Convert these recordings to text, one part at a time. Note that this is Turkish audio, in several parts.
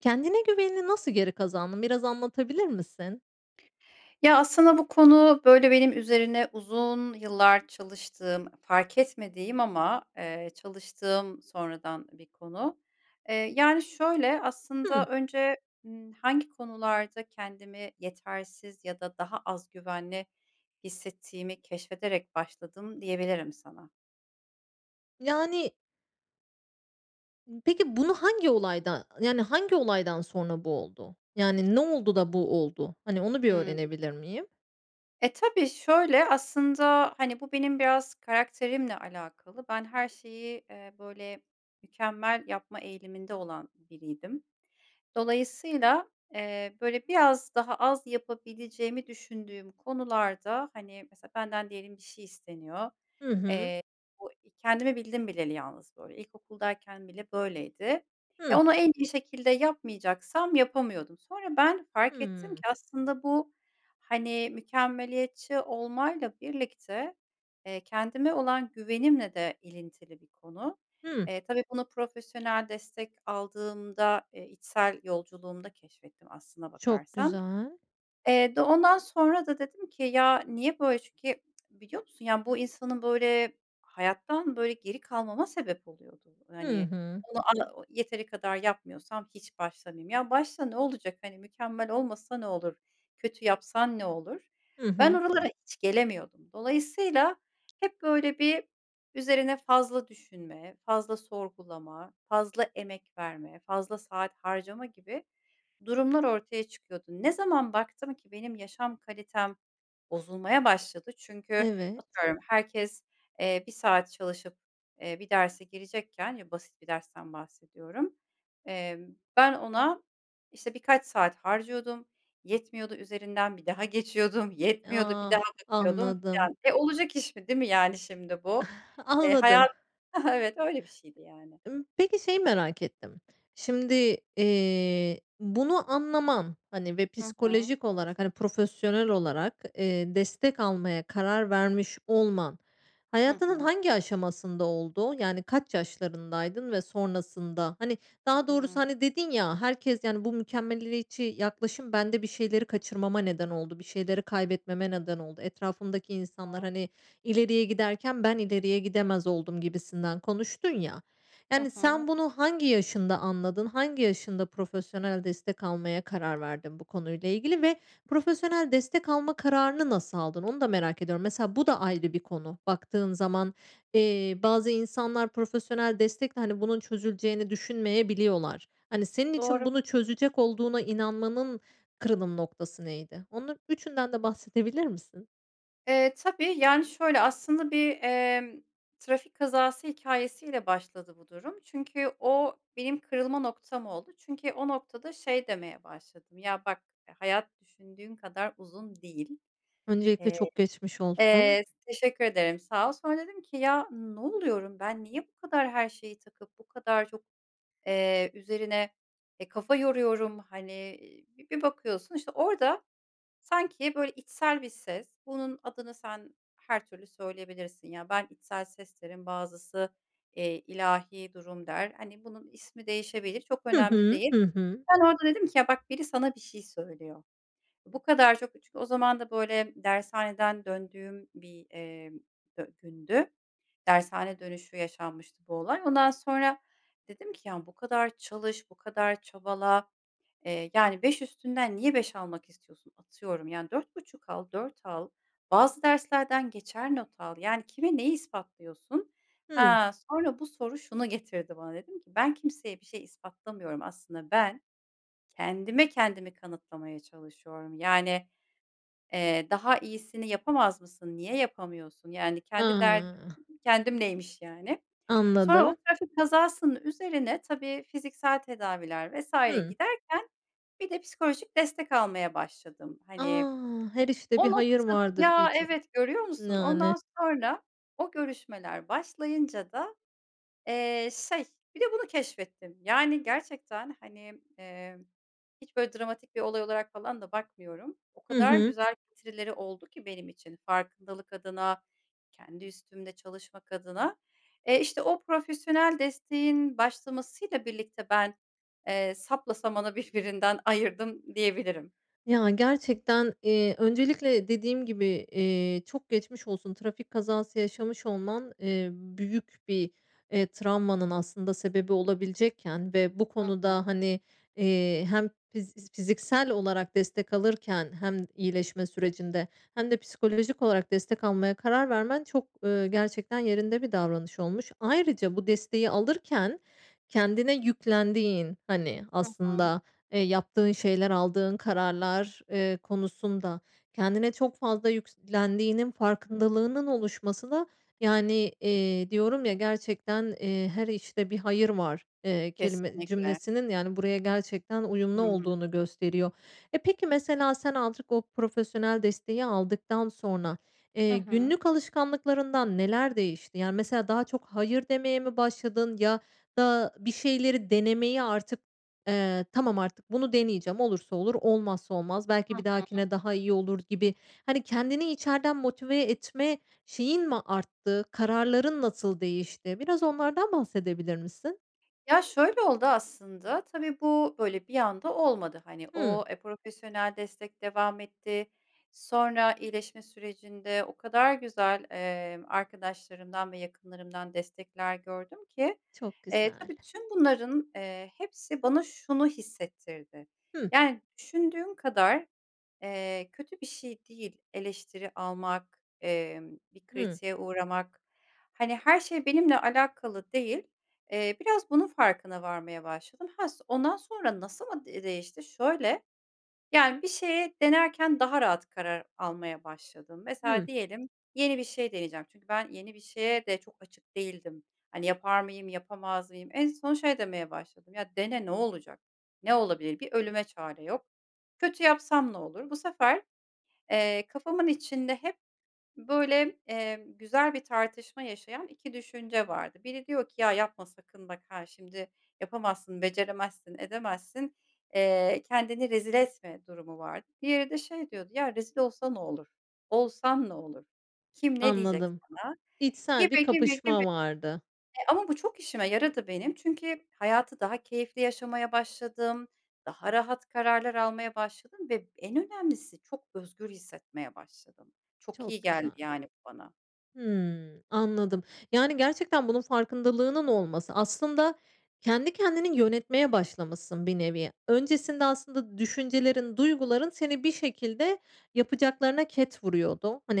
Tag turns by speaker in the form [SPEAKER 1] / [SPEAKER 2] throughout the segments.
[SPEAKER 1] Kendine güvenini nasıl geri kazandın, biraz anlatabilir misin?
[SPEAKER 2] Ya, aslında bu konu, böyle, benim üzerine uzun yıllar çalıştığım fark etmediğim ama, eee, çalıştığım sonradan bir konu. Eee, yani, şöyle, aslında
[SPEAKER 1] Hımm.
[SPEAKER 2] önce, ııı, hangi konularda kendimi yetersiz ya da daha az güvenli hissettiğimi keşfederek başladım diyebilirim sana.
[SPEAKER 1] Yani Peki, bunu hangi olayda yani, hangi olaydan sonra bu oldu? Yani, ne oldu da bu oldu? Hani, onu bir
[SPEAKER 2] Hıı.
[SPEAKER 1] öğrenebilir miyim?
[SPEAKER 2] E, tabii, şöyle; aslında, hani, bu benim biraz karakterimle alakalı. Ben, her şeyi, eee, böyle, mükemmel yapma eğiliminde olan biriydim. Dolayısıyla, eee, böyle, biraz daha az yapabileceğimi düşündüğüm konularda hani, mesela benden diyelim bir şey isteniyor.
[SPEAKER 1] Hı hı.
[SPEAKER 2] Eee, bu i kendimi bildim bileli yalnız böyle, ilkokuldayken bile böyleydi. Ya,
[SPEAKER 1] Hı.
[SPEAKER 2] ona en iyi şekilde yapmayacaksam yapamıyordum. Sonra ben fark ettim ki
[SPEAKER 1] Hımm.
[SPEAKER 2] aslında bu, hani, mükemmeliyetçi olmayla birlikte, eee, kendime olan güvenimle de ilintili bir konu.
[SPEAKER 1] Hımm.
[SPEAKER 2] Eee, tabii bunu profesyonel destek aldığımda, eee, içsel yolculuğumda keşfettim aslına
[SPEAKER 1] Çok
[SPEAKER 2] bakarsan.
[SPEAKER 1] güzel.
[SPEAKER 2] Eee, d ondan sonra da dedim ki ya, niye böyle? Çünkü biliyor musun, yani, bu insanın, böyle, hayattan, böyle, geri kalmama sebep oluyordu.
[SPEAKER 1] Hı
[SPEAKER 2] Hani,
[SPEAKER 1] hı.
[SPEAKER 2] onu anı yeteri kadar yapmıyorsam hiç başlamayayım. "Ya, başla ne olacak? Hani, mükemmel olmasa ne olur, kötü yapsan ne olur?"
[SPEAKER 1] Hı
[SPEAKER 2] Ben,
[SPEAKER 1] hı.
[SPEAKER 2] oralara hiç gelemiyordum. Dolayısıyla hep, böyle, bir üzerine fazla düşünme, fazla sorgulama, fazla emek verme, fazla saat harcama gibi durumlar ortaya çıkıyordu. Ne zaman baktım ki benim yaşam kalitem bozulmaya başladı. Çünkü
[SPEAKER 1] Evet.
[SPEAKER 2] atıyorum herkes, eee, 1 saat çalışıp, eee, bir derse girecekken, ya, basit bir dersten bahsediyorum, eee, ben, ona, işte, birkaç saat harcıyordum, yetmiyordu, üzerinden bir daha geçiyordum, yetmiyordu bir
[SPEAKER 1] Ah,
[SPEAKER 2] daha bakıyordum
[SPEAKER 1] anladım.
[SPEAKER 2] filan. Eee, olacak iş mi, değil mi, yani, şimdi, bu? Eee,
[SPEAKER 1] Anladım.
[SPEAKER 2] hayat Evet, öyle bir şeydi, yani.
[SPEAKER 1] Imm, peki, şeyi merak ettim; şimdi, eee, bunu anlaman, hani, ve
[SPEAKER 2] Hı hı.
[SPEAKER 1] psikolojik olarak hani, profesyonel olarak, eee, destek almaya karar vermiş olman
[SPEAKER 2] Hı
[SPEAKER 1] hayatının
[SPEAKER 2] hı.
[SPEAKER 1] hangi aşamasında oldu? Yani, kaç yaşlarındaydın ve sonrasında? Hani, daha
[SPEAKER 2] Hıı.
[SPEAKER 1] doğrusu, hani, dedin ya, "Herkes, yani, bu mükemmeliyetçi yaklaşım bende bir şeyleri kaçırmama neden oldu, bir şeyleri kaybetmeme neden oldu. Etrafımdaki insanlar,
[SPEAKER 2] [unintelligible]
[SPEAKER 1] hani, ileriye giderken ben ileriye gidemez oldum." gibisinden konuştun ya.
[SPEAKER 2] Hı
[SPEAKER 1] Yani,
[SPEAKER 2] hı.
[SPEAKER 1] sen bunu hangi yaşında anladın? Hangi yaşında profesyonel destek almaya karar verdin bu konuyla ilgili? Ve profesyonel destek alma kararını nasıl aldın? Onu da merak ediyorum. Mesela bu da ayrı bir konu baktığın zaman. Eee, bazı insanlar profesyonel destekle, hani, bunun çözüleceğini düşünmeyebiliyorlar. Hani, senin için
[SPEAKER 2] Doğru.
[SPEAKER 1] bunu çözecek olduğuna inanmanın kırılım noktası neydi? Onun üçünden de bahsedebilir misin?
[SPEAKER 2] Eee, tabii. Yani, şöyle aslında: Bir, emm, trafik kazası hikâyesiyle başladı bu durum. Çünkü o benim kırılma noktam oldu. Çünkü o noktada şey demeye başladım: "Ya, bak hayat düşündüğün kadar uzun değil.",
[SPEAKER 1] Öncelikle
[SPEAKER 2] eee
[SPEAKER 1] çok geçmiş olsun.
[SPEAKER 2] Eee, teşekkür ederim, sağ ol. Sonra dedim ki, "Ya, ne oluyorum ben, niye bu kadar her şeyi takıp, bu kadar çok, eee, üzerine, eee, kafa yoruyorum." Hani, bir bakıyorsun, işte, orada sanki, böyle, içsel bir ses. Bunun adını sen her türlü söyleyebilirsin, ya. Ben içsel ses derim, bazısı, eee, ilahî durum der. Hani, bunun ismi değişebilir, çok
[SPEAKER 1] Hı
[SPEAKER 2] önemli
[SPEAKER 1] hı,
[SPEAKER 2] değil.
[SPEAKER 1] hı hı.
[SPEAKER 2] Ben orada dedim ki, "Ya, bak biri sana bir şey söylüyor. Bu kadar çok." Çünkü o zaman da, böyle, dershaneden döndüğüm bir, eee, dü gündü. Dershane dönüşü yaşanmıştı bu olay. Ondan sonra dedim ki, "Ya, bu kadar çalış, bu kadar çabala, eee, yani, 5 üstünden niye 5 almak istiyorsun? Atıyorum, yani, 4,5 al, 4 al. Bazı derslerden geçer not al. Yani, kime neyi ispatlıyorsun?"
[SPEAKER 1] Hıı.
[SPEAKER 2] Ha, sonra bu soru şunu getirdi bana dedim ki, "Ben kimseye bir şey ispatlamıyorum. Aslında ben kendime kendimi kanıtlamaya çalışıyorum. Yani, eee, daha iyisini yapamaz mısın? Niye yapamıyorsun? Yani, kendi derdim,
[SPEAKER 1] [unintelligible]
[SPEAKER 2] kendimleymiş, yani." Sonra o
[SPEAKER 1] Anladım.
[SPEAKER 2] trafik kazasının üzerine tabii fiziksel tedaviler vs.
[SPEAKER 1] Hıı.
[SPEAKER 2] giderken bir de psikolojik destek almaya başladım. Hani,
[SPEAKER 1] A! ”Her işte bir
[SPEAKER 2] o
[SPEAKER 1] hayır
[SPEAKER 2] noktada
[SPEAKER 1] vardır,”
[SPEAKER 2] Ya,
[SPEAKER 1] diyece
[SPEAKER 2] evet görüyor musun?
[SPEAKER 1] yani.
[SPEAKER 2] Ondan sonra o görüşmeler başlayınca da, eee, şey, bir de bunu keşfettim. Yani, gerçekten, hani, eee, hiç, böyle, dramatik bir olay olarak falan da bakmıyorum. O
[SPEAKER 1] Hı
[SPEAKER 2] kadar
[SPEAKER 1] hı.
[SPEAKER 2] güzel getirileri oldu ki benim için farkındalık adına, kendi üstümde çalışmak adına. Eee, işte, o profesyonel desteğin başlamasıyla birlikte ben, eee, sapla samanı birbirinden ayırdım, diyebilirim.
[SPEAKER 1] Ya, gerçekten, eee, öncelikle dediğim gibi, eee, çok geçmiş olsun. Trafik kazası yaşamış olman, eee, büyük bir, eee, travmanın aslında sebebi olabilecekken ve bu
[SPEAKER 2] Hı hı.
[SPEAKER 1] konuda, hani, eee, hem fiz fiz fiziksel olarak destek alırken hem iyileşme sürecinde hem de psikolojik olarak destek almaya karar vermen çok, ııı, gerçekten yerinde bir davranış olmuş. Ayrıca bu desteği alırken kendine yüklendiğin, hani,
[SPEAKER 2] Hı hı.
[SPEAKER 1] aslında, eee, yaptığın şeyler, aldığın kararlar, eee, konusunda kendine çok fazla yüklendiğinin farkındalığının oluşması da, yani, eee, diyorum ya, gerçekten, eee, "Her işte bir hayır var", eee, kelime
[SPEAKER 2] Kesinlikle.
[SPEAKER 1] cümlesinin yani, buraya gerçekten uyumlu
[SPEAKER 2] Hıı.
[SPEAKER 1] olduğunu gösteriyor. E, peki mesela sen azıcık o profesyonel desteği aldıktan sonra,
[SPEAKER 2] Hı
[SPEAKER 1] eee,
[SPEAKER 2] hı.
[SPEAKER 1] günlük alışkanlıklarından neler değişti? Yani, mesela daha çok "Hayır" demeye mi başladın ya da bir şeyleri denemeye artık, eee, tamam artık bunu deneyeceğim olursa olur, olmazsa olmaz
[SPEAKER 2] Hı
[SPEAKER 1] belki bir
[SPEAKER 2] hı.
[SPEAKER 1] dahakine daha iyi olur gibi, hani, kendini içeriden motive etme şeyin mi arttı? Kararların nasıl değişti? Biraz onlardan bahsedebilir misin?
[SPEAKER 2] Ya, şöyle oldu aslında, tabii bu, böyle, bir anda olmadı, hani,
[SPEAKER 1] Hıı.
[SPEAKER 2] eee, profesyonel destek devam etti. Sonra iyileşme sürecinde o kadar güzel, eee, arkadaşlarımdan ve yakınlarımdan destekler gördüm ki.
[SPEAKER 1] Çok
[SPEAKER 2] Eee,
[SPEAKER 1] güzel.
[SPEAKER 2] tabii tüm bunların, eee, hepsi bana şunu hissettirdi,
[SPEAKER 1] Hı.
[SPEAKER 2] yani, düşündüğün kadar, eee, kötü bir şey değil eleştiri almak, emm, bir
[SPEAKER 1] Hı.
[SPEAKER 2] kritiğe uğramak, hani, her şey benimle alakalı değil. Eee, biraz bunun farkına varmaya başladım. Ha, so ondan sonra nasıl mı de değişti? Şöyle; yani, bir şeye denerken daha rahat karar almaya başladım. Mesela
[SPEAKER 1] Hı.
[SPEAKER 2] diyelim, yeni bir şey deneyeceğim çünkü ben, yeni bir şeye de çok açık değildim. Hani, yapar mıyım, yapamaz mıyım? En son şey demeye başladım, "Ya, dene ne olacak? Ne olabilir? Bir ölüme çare yok. Kötü yapsam ne olur?" Bu sefer, eee, kafamın içinde hep, böyle, eee, güzel bir tartışma yaşayan 2 düşünce vardı. Biri diyor ki, "Ya, yapma sakın bak ha şimdi yapamazsın, beceremezsin, edemezsin, eee, kendini rezil etme." durumu vardı. Diğeri de şey diyordu, "Ya, rezil olsa ne olur? Olsan ne olur? Kim, ne diyecek
[SPEAKER 1] Anladım.
[SPEAKER 2] sana?"
[SPEAKER 1] İçsel bir
[SPEAKER 2] Gibi, gibi, gibi.
[SPEAKER 1] kapışma vardı.
[SPEAKER 2] Eee, ama bu çok işime yaradı benim. Çünkü hayatı daha keyifli yaşamaya başladım, daha rahat kararlar almaya başladım ve en önemlisi çok özgür hissetmeye başladım. Çok iyi
[SPEAKER 1] Çok
[SPEAKER 2] geldi,
[SPEAKER 1] güzel.
[SPEAKER 2] yani, bu bana.
[SPEAKER 1] Hıı, anladım. Yani, gerçekten bunun farkındalığının olması, aslında kendi kendini yönetmeye başlamışsın bir nevi. Öncesinde aslında düşüncelerin, duyguların seni bir şekilde yapacaklarına ket vuruyordu, hani,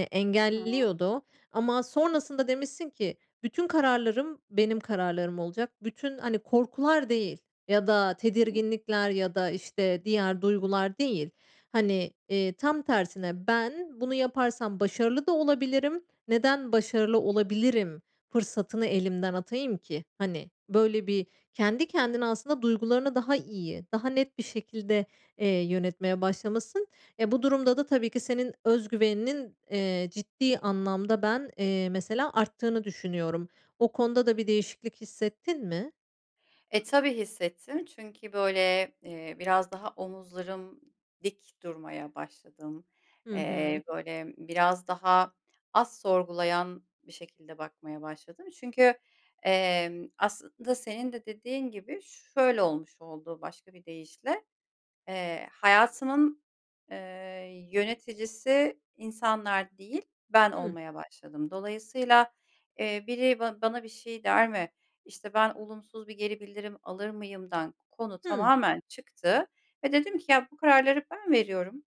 [SPEAKER 2] Hı hı.
[SPEAKER 1] engelliyordu. Ama sonrasında demişsin ki, "Bütün kararlarım benim kararlarım olacak. Bütün, hani, korkular değil ya da tedirginlikler ya da, işte, diğer duygular değil. Hani, eee, tam tersine ben bunu yaparsam başarılı da olabilirim. Neden başarılı olabilirim, fırsatını elimden atayım ki?" Hani, böyle bir kendi kendine aslında duygularını daha iyi, daha net bir şekilde, eee, yönetmeye başlamışsın. E, bu durumda da tabii ki senin öz güveninin, eee, ciddi anlamda ben, eee, mesela arttığını düşünüyorum. O konuda da bir değişiklik hissettin mi?
[SPEAKER 2] E, tabii hissettim. Çünkü böyle, eee, biraz daha omuzlarım dik durmaya başladım.
[SPEAKER 1] Hı
[SPEAKER 2] Eee,
[SPEAKER 1] hı.
[SPEAKER 2] böyle, biraz daha az sorgulayan bir şekilde bakmaya başladım. Çünkü, emm, aslında senin de dediğin gibi şöyle olmuş oldu başka bir deyişle, eee, hayatımın, eee, yöneticisi insanlar değil, ben
[SPEAKER 1] Hı.
[SPEAKER 2] olmaya başladım. Dolayısıyla, eee, biri ba bana bir şey der mi, işte, ben olumsuz bir geri bildirim alır mıyımdan konu
[SPEAKER 1] Hıı.
[SPEAKER 2] tamamen çıktı ve dedim ki "Ya, bu kararları ben veriyorum.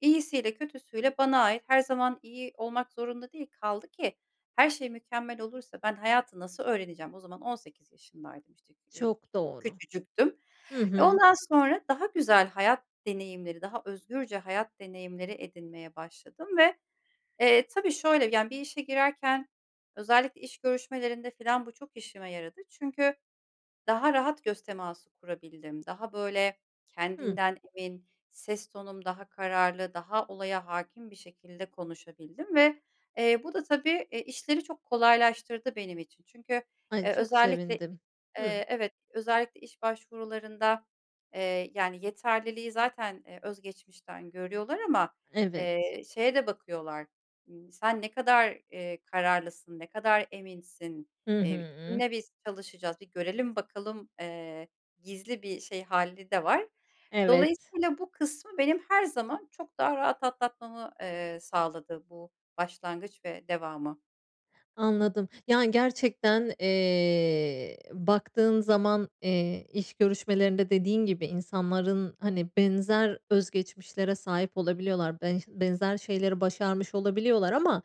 [SPEAKER 2] İyisiyle kötüsüyle bana ait. Her zaman iyi olmak zorunda değil. Kaldı ki her şey mükemmel olursa, ben hayatı nasıl öğreneceğim?" O zaman 18 yaşındaydım, işte, kü eee,
[SPEAKER 1] Çok
[SPEAKER 2] k
[SPEAKER 1] doğru.
[SPEAKER 2] küçücüktüm.
[SPEAKER 1] Hı
[SPEAKER 2] E,
[SPEAKER 1] hı.
[SPEAKER 2] ondan sonra daha güzel hayat deneyimleri, daha özgürce hayat deneyimleri edinmeye başladım ve, eee, tabii şöyle, yani, bir işe girerken özellikle iş görüşmelerinde falan bu çok işime yaradı çünkü daha rahat göz teması kurabildim. Daha, böyle,
[SPEAKER 1] Hı.
[SPEAKER 2] kendinden emin, ses tonum daha kararlı, daha olaya hâkim bir şekilde konuşabildim ve, eee, bu da tabii, e, işleri çok kolaylaştırdı benim için. Çünkü,
[SPEAKER 1] Ay,
[SPEAKER 2] eee,
[SPEAKER 1] çok
[SPEAKER 2] özellikle
[SPEAKER 1] sevindim. Hı.
[SPEAKER 2] eee, evet, özellikle iş başvurularında, eee, yani, yeterliliği zaten, eee, öz geçmişten görüyorlar ama,
[SPEAKER 1] Evet.
[SPEAKER 2] eee, şeye de bakıyorlar, ııı, sen ne kadar, eee, kararlısın, ne kadar eminsin,
[SPEAKER 1] Hı
[SPEAKER 2] eee,
[SPEAKER 1] hı.
[SPEAKER 2] kimle biz çalışacağız, bir görelim bakalım, eee, gizli bir şey hâli de var.
[SPEAKER 1] Evet.
[SPEAKER 2] Dolayısıyla bu kısmı benim her zaman çok daha rahat atlatmamı, eee, sağladı bu başlangıç ve devamı.
[SPEAKER 1] Anladım. Yani, gerçekten, eee, baktığın zaman, eee, iş görüşmelerinde dediğin gibi insanların, hani, benzer öz geçmişlere sahip olabiliyorlar. Benş benzer şeyleri başarmış olabiliyorlar ama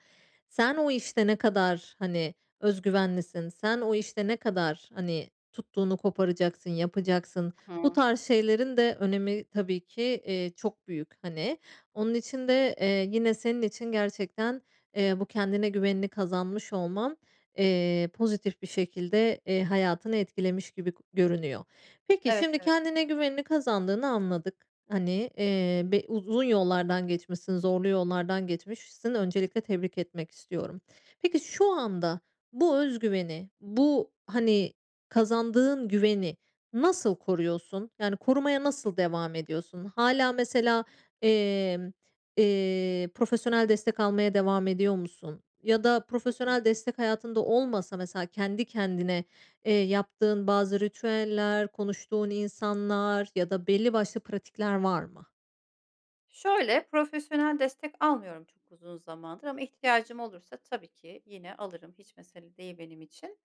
[SPEAKER 1] sen o işte ne kadar, hani, öz güvenlisin, sen o işte ne kadar, hani, tuttuğunu koparacaksın, yapacaksın? Bu
[SPEAKER 2] Hı.
[SPEAKER 1] tarz şeylerin de önemi tabii ki, eee, çok büyük, hani. Onun için de, eee, yine senin için gerçekten, eee, bu kendine güvenini kazanmış olman, eee, pozitif bir şekilde, eee, hayatını etkilemiş gibi görünüyor. Peki,
[SPEAKER 2] Evet,
[SPEAKER 1] şimdi
[SPEAKER 2] evet.
[SPEAKER 1] kendine güvenini kazandığını anladık. Hani, eee, be uzun yollardan geçmişsin, zorlu yollardan geçmişsin, öncelikle tebrik etmek istiyorum. Peki, şu anda bu öz güveni, bu, hani, kazandığın güveni nasıl koruyorsun? Yani, korumaya nasıl devam ediyorsun? Hâlâ, mesela, emm, eee, profesyonel destek almaya devam ediyor musun? Ya da
[SPEAKER 2] Hı hı.
[SPEAKER 1] profesyonel destek hayatında olmasa, mesela, kendi kendine, eee, yaptığın bazı ritüeller, konuştuğun insanlar ya da belli başlı pratikler var mı?
[SPEAKER 2] Şöyle, profesyonel destek almıyorum çok uzun zamandır. Ama ihtiyacım olursa tabii ki yine alırım. Hiç mesele değil benim için.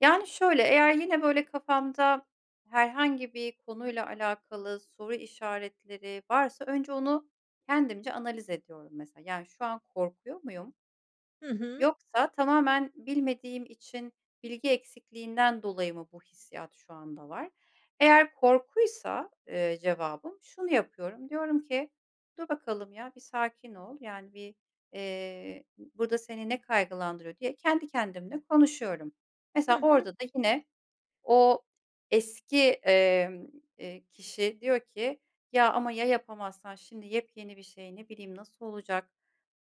[SPEAKER 2] Yani, şöyle, eğer yine, böyle, kafamda herhangi bir konuyla alakalı soru işaretleri varsa önce onu kendimce analiz ediyorum, mesela. Yani, "Şu an korkuyor muyum?
[SPEAKER 1] Hı hı.
[SPEAKER 2] Yoksa tamamen bilmediğim için bilgi eksikliğinden dolayı mı bu hissiyat şu anda var?" Eğer korkuysa, eee, cevabım şunu yapıyorum, diyorum ki, "Dur bakalım ya, bir sakin ol. Yani, bir, eee, burada seni ne kaygılandırıyor?" diye kendi kendimle konuşuyorum.
[SPEAKER 1] Hı
[SPEAKER 2] Mesela,
[SPEAKER 1] hı.
[SPEAKER 2] orada da yine o eski, emm, eee, kişi diyor ki, "Ya ama ya yapamazsan şimdi yepyeni bir şey, ne bileyim, nasıl olacak?"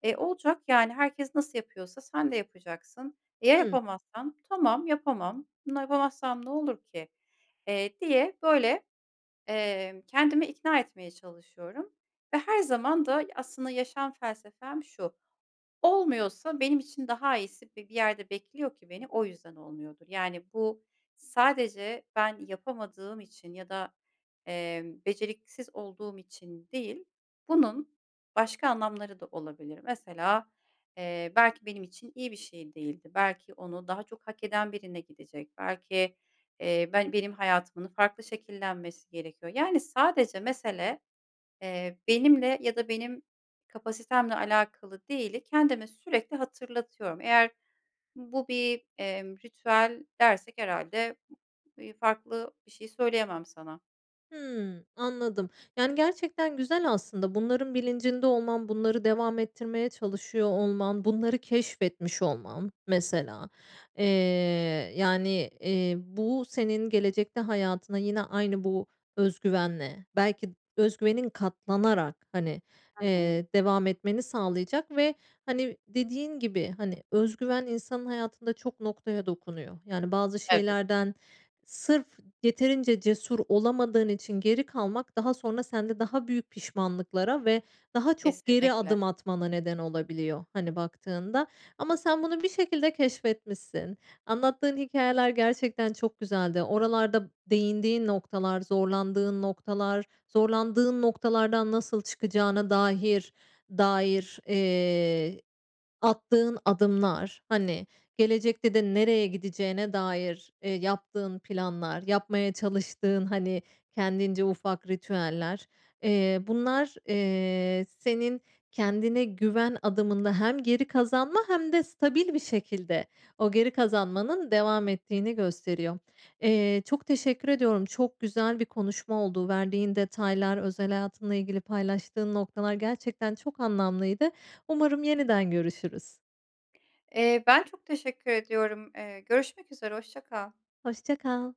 [SPEAKER 2] Eee, "Olacak, yani, herkes nasıl yapıyorsa sen de yapacaksın." "E, ya
[SPEAKER 1] Hı.
[SPEAKER 2] yapamazsam?" "Tamam, yapamam. Bunu yapamazsam ne olur ki?" eee, diye, böyle, eee, kendimi ikna etmeye çalışıyorum. Ve her zaman da aslında yaşam felsefem şu, olmuyorsa benim için daha iyisi bi bir yerde bekliyor ki beni, o yüzden olmuyordur. Yani, bu sadece ben yapamadığım için ya da, eee, beceriksiz olduğum için değil. Bunun başka anlamları da olabilir. Mesela, eee, belki benim için iyi bir şey değildi. Belki onu daha çok hak eden birine gidecek. Belki, eee, ben benim hayatımın farklı şekillenmesi gerekiyor. Yani, sadece mesele, eee, benimle ya da benim kapasitemle alakalı değili, kendime sürekli hatırlatıyorum. Eğer bu bir, emm, ritüel dersek herhâlde, iii, farklı bir şey söyleyemem sana.
[SPEAKER 1] Hıı, anladım. Yani, gerçekten güzel aslında. Bunların bilincinde olman, bunları devam ettirmeye çalışıyor olman, bunları keşfetmiş olman mesela. Eee, yani, eee, bu senin gelecekte hayatına yine aynı bu öz güvenle, belki öz güvenin katlanarak, hani,
[SPEAKER 2] Hı hı.
[SPEAKER 1] eee, devam etmeni sağlayacak ve, hani, dediğin gibi, hani, öz güven insanın hayatında çok noktaya dokunuyor. Yani, bazı
[SPEAKER 2] Evet.
[SPEAKER 1] şeylerden sırf yeterince cesur olamadığın için geri kalmak daha sonra sende daha büyük pişmanlıklara ve daha çok geri
[SPEAKER 2] Kesinlikle.
[SPEAKER 1] adım atmana neden olabiliyor, hani, baktığında. Ama sen bunu bir şekilde keşfetmişsin. Anlattığın hikâyeler gerçekten çok güzeldi. Oralarda değindiğin noktalar, zorlandığın noktalar, zorlandığın noktalardan nasıl çıkacağına dahir dair, eee, attığın adımlar, hani, gelecekte de nereye gideceğine dair, eee, yaptığın planlar, yapmaya çalıştığın, hani, kendince ufak ritüeller, eee, bunlar, eee, senin kendine güven adımında hem geri kazanma hem de stabil bir şekilde o geri kazanmanın devam ettiğini gösteriyor. Eee, çok teşekkür ediyorum. Çok güzel bir konuşma oldu. Verdiğin detaylar, özel hayatınla ilgili paylaştığın noktalar gerçekten çok anlamlıydı. Umarım yeniden görüşürüz.
[SPEAKER 2] Eee, ben çok teşekkür ediyorum. Eee, görüşmek üzere, hoşça kal.
[SPEAKER 1] Hoşça kal.